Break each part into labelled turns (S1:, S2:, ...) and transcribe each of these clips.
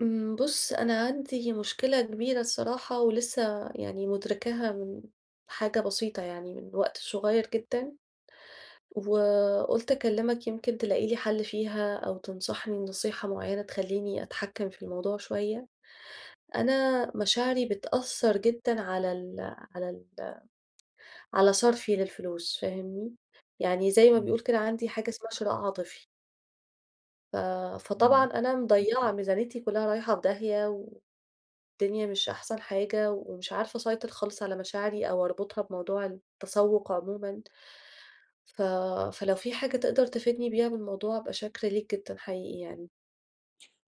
S1: امم، بص أنا عندي مشكلة كبيرة الصراحة ولسه يعني مدركاها من حاجة بسيطة يعني من وقت صغير جدًا وقلت أكلمك يمكن تلاقي لي حل فيها أو تنصحني نصيحة معينة تخليني أتحكم في الموضوع شوية. أنا مشاعري بتأثر جدًا على ال على ال على صرفي للفلوس فاهمني يعني زي ما
S2: امم.
S1: بيقول كده عندي حاجة اسمها شراء عاطفي. ف فطبعًا
S2: امم.
S1: أنا مضيّعة ميزانيتي كلها رايحة في داهية، والدنيا مش أحسن حاجة، ومش عارفة أسيطر خالص على مشاعري، أو أربطها بموضوع التسوق عمومًا. ف فلو في حاجة تقدر تفيدني بيها بالموضوع، أبقى شاكرة ليك جدًا حقيقي يعني؟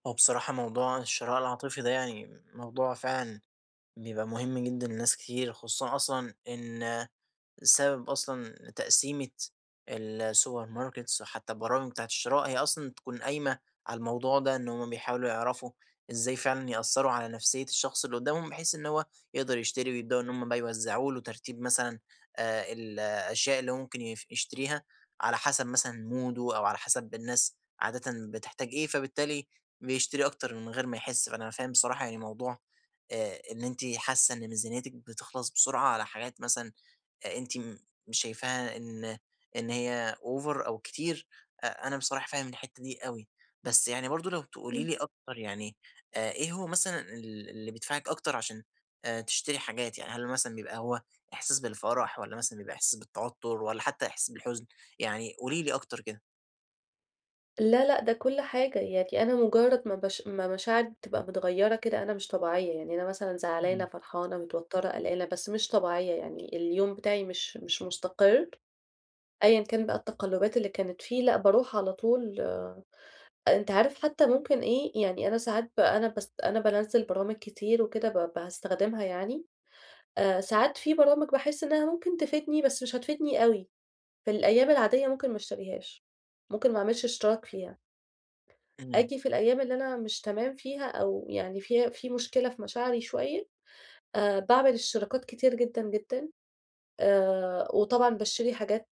S2: هو بصراحة، موضوع الشراء العاطفي ده يعني موضوع فعلًا بيبقى مهم جدًا لناس كتير، خصوصًا أصلًا إن بسبب أصلًا تقسيمة ال السوبر ماركتس، وحتى البرامج بتاعة الشراء، هي أصلًا تكون قايمة على الموضوع ده، إن همّ بيحاولوا يعرفوا إزاي فعلًا يأثروا على نفسية الشخص اللي قدامهم بحيث إن هو يقدر يشتري، ويبدؤوا إن همّ بقى يوزعوا له ترتيب مثلًا آآ ال الأشياء اللي مُمكن يشتريها على حسب مثلًا موده، أو على حسب الناس عادةً بتحتاج إيه، فبالتالي بيشتري أكتر من غير ما يحس، فأنا فاهم بصراحة يعني موضوع آآ إن إنتِ حاسة إن ميزانيتِك بتخلص بسرعة على حاجات مثلًا آآ أنتِ مش شايفاها إن إن هي over أو كتير، أ أنا بصراحة فاهم الحتة دي أوي، بس يعني برضو لو تقولي
S1: امم.
S2: لي أكتر، يعني آآ، إيه هو مثلًا ال اللي بيدفعِك أكتر عشان تشتري حاجات، يعني هل مثلًا بيبقى هو إحساس بالفرح، والّا مثلًا بيبقى إحساس بالتوتر، والّا حتى إحساس بالحزن، يعني قولي لي أكتر كده؟
S1: لا، لأ ده كل حاجة، يعني أنا مجرد ما بش ما مشاعري تبقى مِتغَيرة كده أنا مش طبيعية، يعني أنا مثلًا زعلانة،
S2: إمم.
S1: فرحانة، متوترة، قلقانة، بس مش طبيعية، يعني اليوم بتاعي مش مش مستقر، أيًا كان بقى التقلبات اللي كانت فيه، لأ باروح على طول، أنت عارف حتى ممكن إيه، يعني أنا ساعات بقى أنا باس أنا بانزِّل برامج كتير وكده ب باستخدمها، يعني آآ ساعات في برامج باحس إنها ممكن تفيدني بس مش هتفيدني أوي في الأيام العادية، ممكن ما اشتريهاش، ممكن ما اعملش اشتراك فيها
S2: إمم.
S1: آجي في الأيام اللي أنا مش تمام فيها، أو يعني في في مشكلة في مشاعري شوية، آآ باعمل اشتراكات كتيرة جدًا، جدًا، آآ وطبعًا باشتري حاجات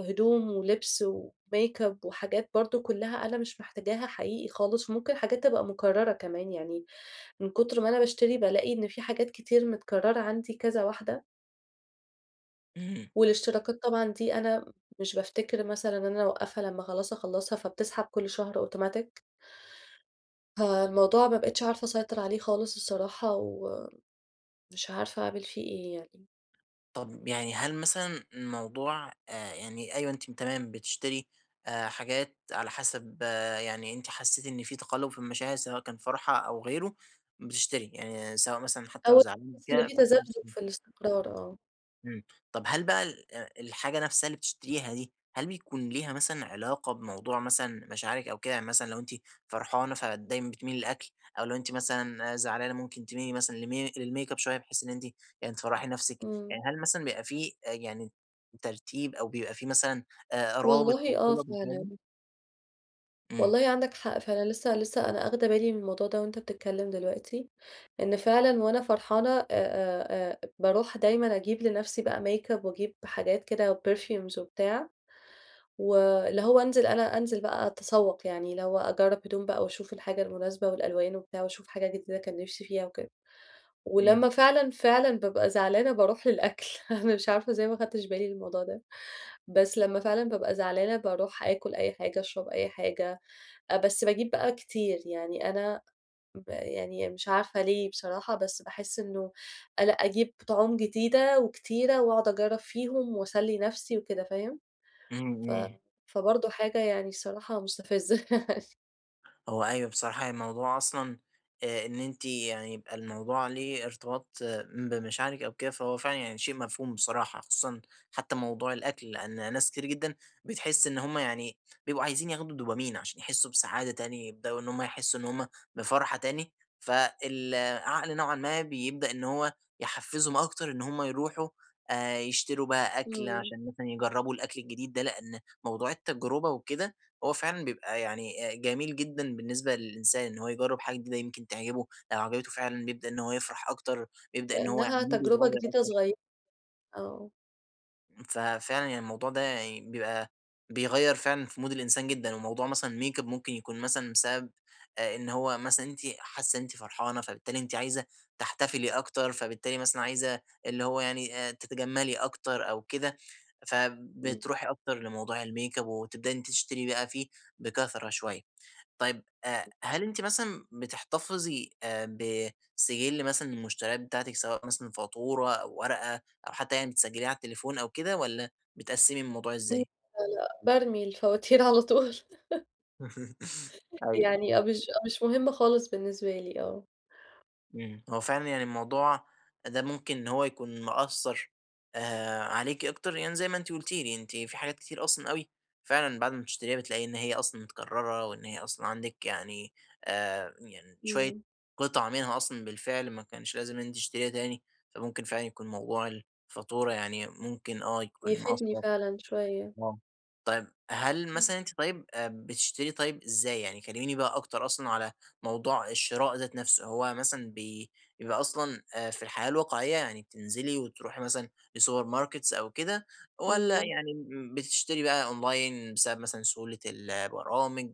S1: هِدوم، ولِبس، وميك أب، وحاجات برضه كلها أنا مش محتاجاها حقيقي خالص، وممكن حاجات تبقى مكررة كمان، يعني من كتر ما أنا باشتري بالاقي إن في حاجات كتير متكررة عندي، كذا واحدة.
S2: إمم.
S1: والإشتراكات طبعًا دي أنا مش بافتكِر مثلًا إن أنا أوقفها لمّا خلاص اخلصها، فبتسحب كل شهر أوتوماتيك. فالموضوع ما بقيتش عارفة أسيطر عليه خالص الصراحة، ومش عارفة أعمل فيه إيه يعني؟
S2: طب يعني هل مثلًا الموضوع آآ يعني أيوه أنتِ م تمام بتشتري آآ حاجات على حسب يعني أنتِ حسيتِ إن في تقلب في المشاعر سواء كان فرحة أو غيره بتشتري، يعني سواء مثلًا حتى لو
S1: أو
S2: زعلانه
S1: تحس إن
S2: كده.
S1: في تذبذب
S2: [unintelligible]
S1: في الاستقرار آه.
S2: امم طب، هل بقى ال الحاجة نفسها اللي بتشتريها دي، هل بيكون ليها مثلًا علاقة بموضوع مثلًا مشاعرِك أو كده، مثلًا لو أنتِ فرحانة فدايمًا بتميلي للأكل، أو لو أنتِ مثلًا زعلانة مُمكن تميلي مثلًا لمي للميك أب شوية، بحيث إن أنتِ يعني تفرحي نفسِك،
S1: امم.
S2: يعني هل مثلًا بيبقى فيه يعني ترتيب، أو بيبقى فيه مثلًا رابط
S1: والله،
S2: أو صلة،؟
S1: آه
S2: [unintelligible]
S1: فعلًا.
S2: امم.
S1: والله عندك حق فعلًا، لسه لسه أنا آخده بالي من الموضوع ده وأنت بتتكلم دلوقتي، إن فعلًا وأنا فرحانة آآ، آآ، آآ، باروح دايمًا أجيب لنفسي بقى ميك أب، وأجيب حاجات كده perfumes وبتاع، واللي هو أنزل، أنا أنزل بقى أتسوق، يعني اللي هو أجرب هدوم بقى وأشوف الحاجة المناسبة والألوان وبتاع، وأشوف حاجة جديدة كان نفسي فيها وكده،
S2: امم.
S1: ولمّا فعلًا، فعلًا بأبقى زعلانة باروح للأكل، أنا مش عارفة إزاي ما أخدتش بالي من الموضوع ده، بس لمّا فعلًا بأبقى زعلانة باروح آكل أي حاجة، أشرب أي حاجة، آآ بس بأجيب بقى كتير، يعني أنا ب يعني مش عارفة ليه بصراحة، بس باحس إنه ال أجيب طُعوم جديدة وكتيرة، وأقعد أجرب فيهم وأسلي نفسي وكده، فاهم،
S2: امم،
S1: ف
S2: امم.
S1: فبرضو حاجة يعني الصراحة مستفزة.
S2: هو أيوه، بصراحة يعني الموضوع أصلًا آآ إن أنتِ يعني يبقى الموضوع ليه ارتباط بمشاعرِك أو كده فهو فعلًا يعني، شيء مفهوم بصراحة، خصوصًا حتى موضوع الأكل، لأن ناس كتير جدًا بتحس إن هُم يعني بيبقوا عايزين ياخدوا دوبامين عشان يحسّوا بسعادة تانية، يبدؤوا إن هُم يحسّوا إن هُم بفرحة تاني، فالعقل نوعًا ما بيبدأ إن هو يحفزّهُم أكتر إن هُم يروحوا، آآ يشتروا بقى أكل
S1: امم.
S2: عشان مثلًا يجرّبوا الأكل الجديد ده، لإن موضوع التجرُبة وكده هو فعلًا بيبقى يعني آآ، جميل جدًا بالنسبة للإنسان إن هو يجرّب حاجة جديدةُ يمكن تعجبه، لو عجبته فعلًا يبدأ إن هو يفرح أكتر، يبدأ إن هو يعني
S1: لإنها
S2: مودُه
S1: تجربة
S2: يتغيّر
S1: جديدة
S2: اكتر.
S1: صغي آه.
S2: امم، ففعلًا يعني الموضوع ده يعني بيبقى بيغيّر فعلًا، في مود الإنسان جدًا وموضوع مثلًا الmakeup ممكن يكون مثلًا بسبب آآ، إن هو مثلًا أنتِ حاسة إن أنتِ فرحانة فبالتالي أنتِ عايزة تحتفِلي أكتر، فبالتالي مثلًا عايزة اللي هو يعني آآ تتجمِلّي أكتر أو كده،
S1: إمم.
S2: فبتروحي أكتر لموضوع الmakeup وتبدأي إن أنتِ تشتري بقى فيه بكثرة شوية. طيب آآ هل أنتِ مثلًا، بتحتفِظي آآ، بسِجلّ مثلًا للمشتريات بتاعتِك، سواء مثلًا فاتورة أو ورقة أو حتى يعني بتسجِلّيها على التليفون أو كده والّا بتقسّمي الموضوع
S1: م لا،
S2: إزاي؟
S1: لأ، بارمي الفواتير على طول.
S2: أيوه.
S1: يعني آه، مش مش مُهمة خالص بالنسبة لي، آه.
S2: امم، هو فعلًا يعني الموضوع ده ممكن إن هو يكون مأثّر آآ، عليكِ أكتر، يعني زي ما أنتِ قلتِ لي، أنتِ في حاجات كتير أصلًا أوي فعلًا بعد ما بتشتريها بتلاقي إن هي أصلًا متكررة وإن هي أصلًا عندِك، يعني آآ، يعني شوية
S1: امم.
S2: قطع منها أصلًا بالفعل ما كانش لازم أنتِ تشتريها تاني، فممكن فعلًا يكون موضوع الفاتورة يعني ممكن آه، يكون
S1: يفيدني
S2: مأثّر.
S1: فعلًا شوية.
S2: آه، طيب هل
S1: امم.
S2: مثلًا أنتِ طيب آآ، بتشتري طيب إزاي؟ يعني كلّميني بقى أكتر أصلًا على موضوع الشراء ذات نفسه، هو مثلًا ب بيبقى أصلًا آآ، في الحياة الواقعية يعني بتنزلي وتروحي مثلًا السوبر ماركتس أو كده والّا
S1: امم.
S2: يعني امم، بتشتري بقى أونلاين بسبب مثلًا سهولة ال البرامج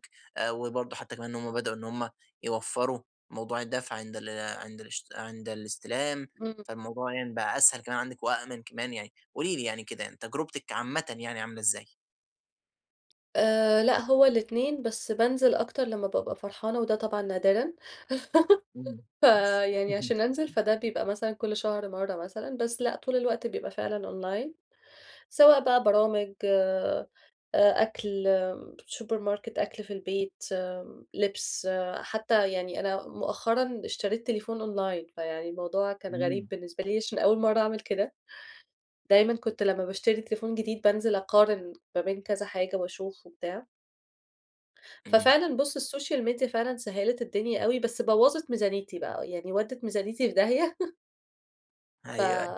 S2: وبرضه حتى كمان هم بدأوا إن هم يوفروا موضوع الدفع عند ال عند الش عند الاستلام،
S1: امم.
S2: فالموضوع يعني بقى أسهل كمان عندِك وآمن كمان يعني، قولي لي يعني كده تجربتِك عامةً يعني عاملة إزاي؟
S1: آآ، لا هو الاتنين، بس بانزل أكتر لما بابقى فرحانة وده طبعًا نادرًا.
S2: اهم.
S1: فيعني
S2: اهم.
S1: عشان أنزل، فده بيبقى مثلًا كل شهر مرة مثلًا، بس لا، طول الوقت بيبقى فعلًا أونلاين سواء بقى برامج آآ، أكل سوبر ماركت أكل في البيت آمم، لبس، حتى يعني أنا مؤخرًا اشتريت تليفون أونلاين فيعني الموضوع كان غريب
S2: إمم.
S1: بالنسبة لي؛ عشان أول مرة أعمل كده. دايمًا كنت لما باشتري تليفون جديد بانزل أقارن ما بين كذا حاجة وأشوف وبتاع.
S2: امم.
S1: ففعلًا بُص السوشيال ميديا فعلًا سهلِت الدنيا أوي بس بوظت ميزانيتي، بقى يعني ودِت ميزانيتي في داهية.
S2: أيوه،
S1: ف
S2: أيوه.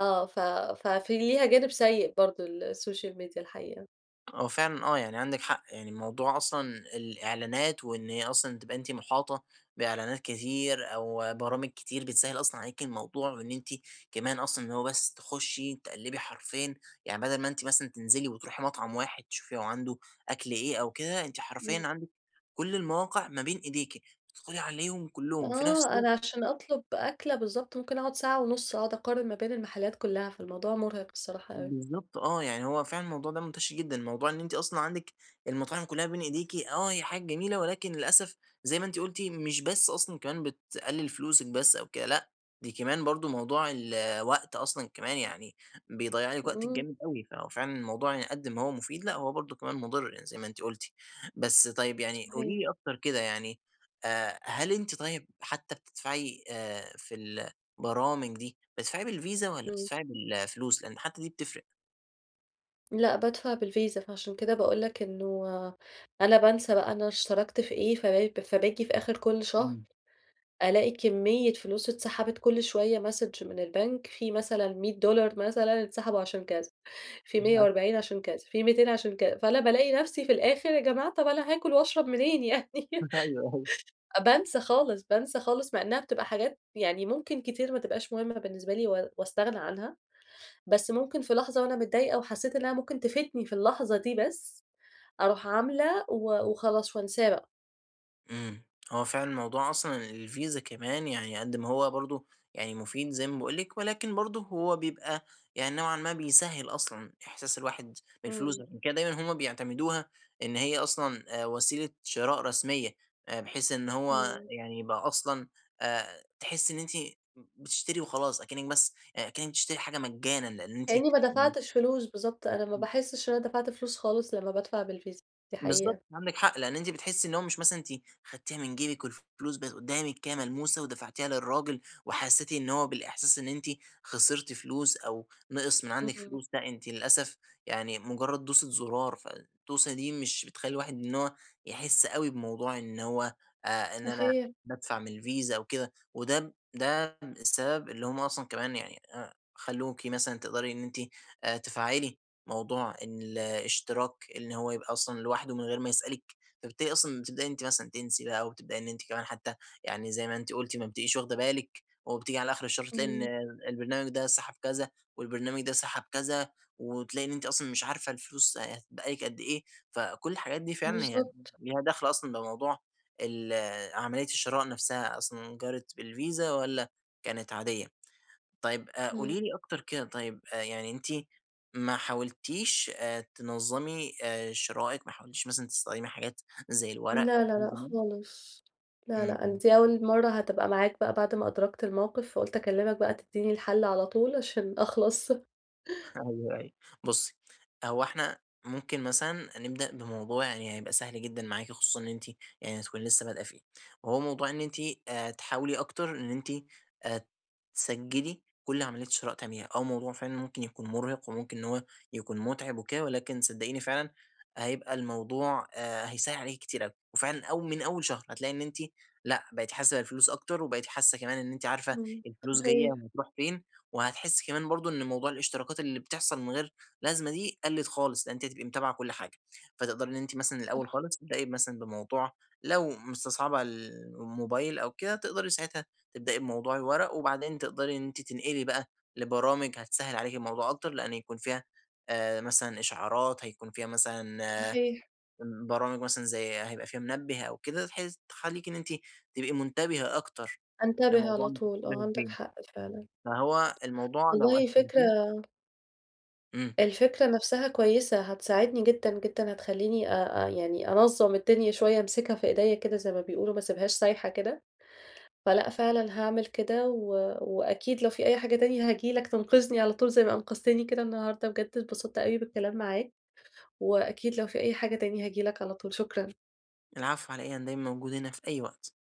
S1: آه، ف ففي ليها جانب سيء برضه ال السوشيال ميديا الحقيقة.
S2: هو فعلًا آه، يعني عندِك حق يعني الموضوع أصلًا الإعلانات وإن هي أصلًا تبقى أنتِ محاطة بإعلانات كتير أو برامج كتير، بتسهل أصلًا عليكِ الموضوع وإن أنتِ كمان أصلًا اللي هو بس تخشي تقلبي حرفيًا، يعني بدل ما أنتِ مثلًا تنزلي وتروحي مطعم واحد تشوفي هو عنده أكل إيه أو كده، أنتِ حرفيًا
S1: امم.
S2: عندك كل المواقع ما بين إيديكِ، تدخلي عليهم كلهم في نفس
S1: آه،
S2: الوقت
S1: أنا عشان أطلب أكلة بالضبط ممكن أقعد ساعة ونص أقعد أقارن ما بين المحلات كلها، فالموضوع مرهق الصراحة أوي.
S2: بالضبط آه، يعني هو فعلًا الموضوع ده منتشر جدًا. موضوع إن أنتِ أصلًا عندِك المطاعم كلها بين إيديكِ، آه هي حاجة جميلة، ولكن للأسف زي ما أنتِ قلتِ مش بس أصلًا كمان بتقلِل فلوسك بس أو كده، لأ، دي كمان برضه موضوع ال الوقت، أصلًا كمان يعني بيضيع لِك وقتِك
S1: امم.
S2: جامد أوي فهو فعلًا الموضوع قد ما هو مفيد، لأ هو برضه كمان مضر زي ما أنتِ قلتِ، بس طيب يعني
S1: صحيح.
S2: قولي لي أكتر كده يعني آآ، هل أنتِ طيب حتى بتدفعي آآ، في البرامج دي بتدفعي بالفيزا والّا
S1: امم.
S2: بتدفعي بالفلوس لأن حتى دي بتفرق؟
S1: لأ، بادفع بالفيزا فعشان كده باقول لك إنه أنا بانسى بقى أنا اشتركت في إيه، فب فباجي في آخر كل شهر
S2: إمم.
S1: ألاقي كمية فلوس اتسحبت كل شوية ماسج من البنك في مثلًا $100 مثلًا انسحبوا عشان كذا في ميّة
S2: [unintelligible]
S1: وأربعين عشان كذا في 200 عشان كذا، فأنا بالاقي نفسي في الآخر يا جماعة طب أنا هاكل وأشرب منين يعني
S2: أيوه. أيوه.
S1: بانسى خالص، بانسى خالص، مع إنها بتبقى حاجات يعني ممكن كتير ما تبقاش مهمة بالنسبة لي و واستغنى عنها. بس ممكن في لحظة وأنا متضايقة وحسيت إنها ممكن تفيدني في اللحظة دي بس، أروح عاملة و وخلاص وأنساه بقى.
S2: إمم، هو فعلًا الموضوع أصلًا الفيزا كمان يعني قد ما هو برضه يعني مفيد زي ما باقول لِك، ولكن برضه هو بيبقى يعني نوعًا ما بيسهّل أصلًا إحساس الواحد بالفلوس؛
S1: إمم.
S2: عشان كده دايمًا هم بيعتمدوها إن هي أصلًا آآ وسيلة شراء رسمية، آآ بحيث إن هو
S1: إمم.
S2: يعني يبقى أصلًا آآ، تحسي إن أنتِ بتشتري وخلاص أكنك بس كأنِك بتشتري حاجة مجانا، لأن أنتِ
S1: كإني ما
S2: إمم.
S1: دفعتش فلوس، بالضبط، أنا ما باحسش إن أنا دفعت فلوس خلاص لما بادفع بالفيزا دي
S2: بالضبط
S1: حقيقة.
S2: عندِك حق، لأن أنتِ بتحسي إن هو مش مثلًا أنتِ خدتيها من جيبِك والفلوس بقِت قدامِك كده ملموسة ودفعتيها للراجل، وحسيتِ إن هو بالإحساس إن أنتِ خسرتِ فلوس أو نقِص من عندِك
S1: إمم.
S2: فلوس، لأ، أنتِ للأسف يعني مجرد دوسة زرار فالدوسة دي مش بتخلي الواحد إن هو يحس أوي بموضوع إن هو آآ، إن أنا
S1: صحيح.
S2: بادفع من الفيزا أو كده وده ده السبب اللي هم أصلًا كمان يعني آآ، خلوكِ مثلًا تقدري إن أنتِ آآ، تفعّلي موضوع الاشتراك إن هو يبقى أصلًا لوحده من غير ما يسألكِ، فبالتالي أصلًا بتبدئي إن أنتِ مثلًا تنسي بقى وتبدئي إن أنتِ كمان حتى يعني زي ما أنتِ قُلتِ ما بتبقيش واخدة بالِك وبتيجي على آخر الشهر تلاقي إن
S1: إمم.
S2: البرنامج ده سحب كذا والبرنامج ده سحب كذا، وتلاقي إن أنتِ أصلًا مش عارفة الفلوس هتتبقى لِك قد إيه فكل الحاجات دي فعلًا هي
S1: بالضبط.
S2: ليها دخل أصلًا بموضوع ال عملية الشراء نفسها أصلًا جرت بالفيزا والّا كانت عادية. طيب آآ،
S1: إمم.
S2: قولي لي أكتر كده طيب يعني أنتِ ما حاولتيش آآ، تنظمي آآ، شرائِك ما حاولتيش مثلًا تستخدمي حاجات زي الورق
S1: لا، لا، لأ،
S2: [unintelligible]
S1: خالص، لا،
S2: إمم،
S1: لأ، أنا
S2: إمم.
S1: دي أول مرة هتبقى معاك بقى بعد ما أدركت الموقف، فقُلت أكلمك بقى تديني الحل على طول عشان أخلص.
S2: أيوه أيوه، بُصي هو إحنا ممكن مثلًا نبدأ بموضوع يعني هيبقى سهل جدًا معاكِ خصوصًا إن أنتِ يعني هتكوني لسه بدأه فيه، هو موضوع إن أنتِ آآ، تحاولي أكتر إن أنتِ آآ تسجلي كل عملية شراء تعمليها، آه، موضوع فعلًا ممكن يكون مرهق وممكن إن هو يكون متعب وكده، ولكن صدقيني فعلًا هيبقى الموضوع آآ، هيسهل عليكِ كتير أوي، وفعلًا أو من أول شهر هتلاقي إن أنتِ لأ بقيتِ حاسة بالفلوس أكتر وبقيتي حاسة كمان إن أنتِ عارفة
S1: إمم،
S2: الفلوس جاية
S1: صحيح.
S2: وهتروح فين، وهتحسي كمان برضه إن موضوع الاشتراكات اللي بتحصل من غير لازمة دي قلِّت خالص لأن أنتِ هتبقي متابعة كل حاجة، فتقدري إن أنتِ مثلًا الأول
S1: صح.
S2: خالص تبدئي مثلًا بموضوع لو مستصعبة ال الموبايل أو كده تقدري ساعتها تبدأي بموضوع الورق وبعدين تقدري إن أنتِ تنقلي بقى لبرامج هتسهل عليكِ الموضوع أكتر، لأن يكون فيها آآ، مثلًا إشعارات هيكون فيها مثلًا
S1: صحيح.
S2: برامج مثلًا زي هيبقى فيها منبه أو كده بحيث تخليكِ إن أنتِ تبقي منتبهة أكتر
S1: أنتبِه
S2: لموضوع
S1: على طول، آه، عندك
S2: [unintelligible]
S1: حق فعلًا.
S2: فهو الموضوع لو
S1: والله
S2: قسمتيه
S1: فكرة
S2: إمم.
S1: الفكرة نفسها كويسة، هتساعدني جدًا، جدًا، هتخليني آآ آآ، يعني أنظم الدنيا شوية أمسكها في إيديا كده زي ما بيقولوا ما أسيبهاش سايحة كده، فلأ فعلًا هاعمل كده و وأكيد لو في أي حاجة تانية هاجي لك تنقذني على طول زي ما أنقذتني كده النهاردة بجد اتبسطت أوي بالكلام معاك، وأكيد لو في أي حاجة تاني هاجي لك على طول، شكرًا.
S2: العفو على إيه، أنا دايمًا موجود هنا في أي وقت.